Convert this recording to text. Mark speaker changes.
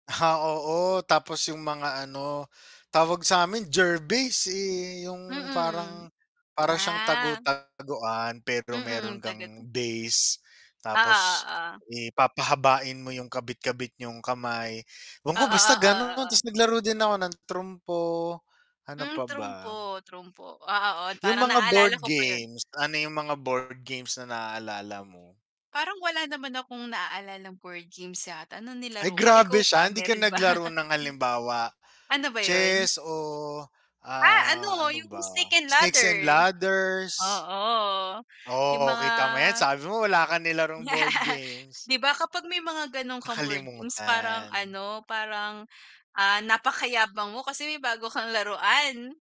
Speaker 1: Ah, oo tapos yung mga ano, tawag samin ger base eh yung parang,
Speaker 2: Mm.
Speaker 1: para siyang
Speaker 2: Ah.
Speaker 1: tagu-taguan pero meron
Speaker 2: Mm.
Speaker 1: kang
Speaker 2: tagato
Speaker 1: base. Tapos,
Speaker 2: Oo, oo.
Speaker 1: eh papahabain mo yung kabit-kabit niyong kamay. Ewan ko,
Speaker 2: Oo,
Speaker 1: basta
Speaker 2: oo
Speaker 1: ganun
Speaker 2: oo.
Speaker 1: tas naglaro din ako ng trumpo, ano
Speaker 2: Hmm,
Speaker 1: pa ba?
Speaker 2: trumpo, trumpo. Ah, oo
Speaker 1: Yung
Speaker 2: parang
Speaker 1: mga
Speaker 2: naalala
Speaker 1: board
Speaker 2: ko pa yun.
Speaker 1: games, ano yung mga board games na naalala mo?
Speaker 2: Parang wala naman akong naalalang board games yata nung
Speaker 1: Ay,
Speaker 2: nilaro ko,
Speaker 1: grabe
Speaker 2: ikaw
Speaker 1: siya
Speaker 2: ba
Speaker 1: hindi ka
Speaker 2: meron ba?
Speaker 1: naglaro ng halimbawa
Speaker 2: Ano ba yun?
Speaker 1: chess oh,
Speaker 2: Ah
Speaker 1: ah,
Speaker 2: ano
Speaker 1: ano
Speaker 2: yung
Speaker 1: ba,
Speaker 2: snake and
Speaker 1: snakes and
Speaker 2: ladder.
Speaker 1: ladders.
Speaker 2: Oo yung
Speaker 1: Oh,
Speaker 2: mga
Speaker 1: kita mo yan sabi mo wala ka nilarong board games.
Speaker 2: 'Di ba kapag may mga ganon kang board games parang
Speaker 1: Nakalimutan.
Speaker 2: ano. Parang ah, napakayabang mo kasi may bago kang laruan.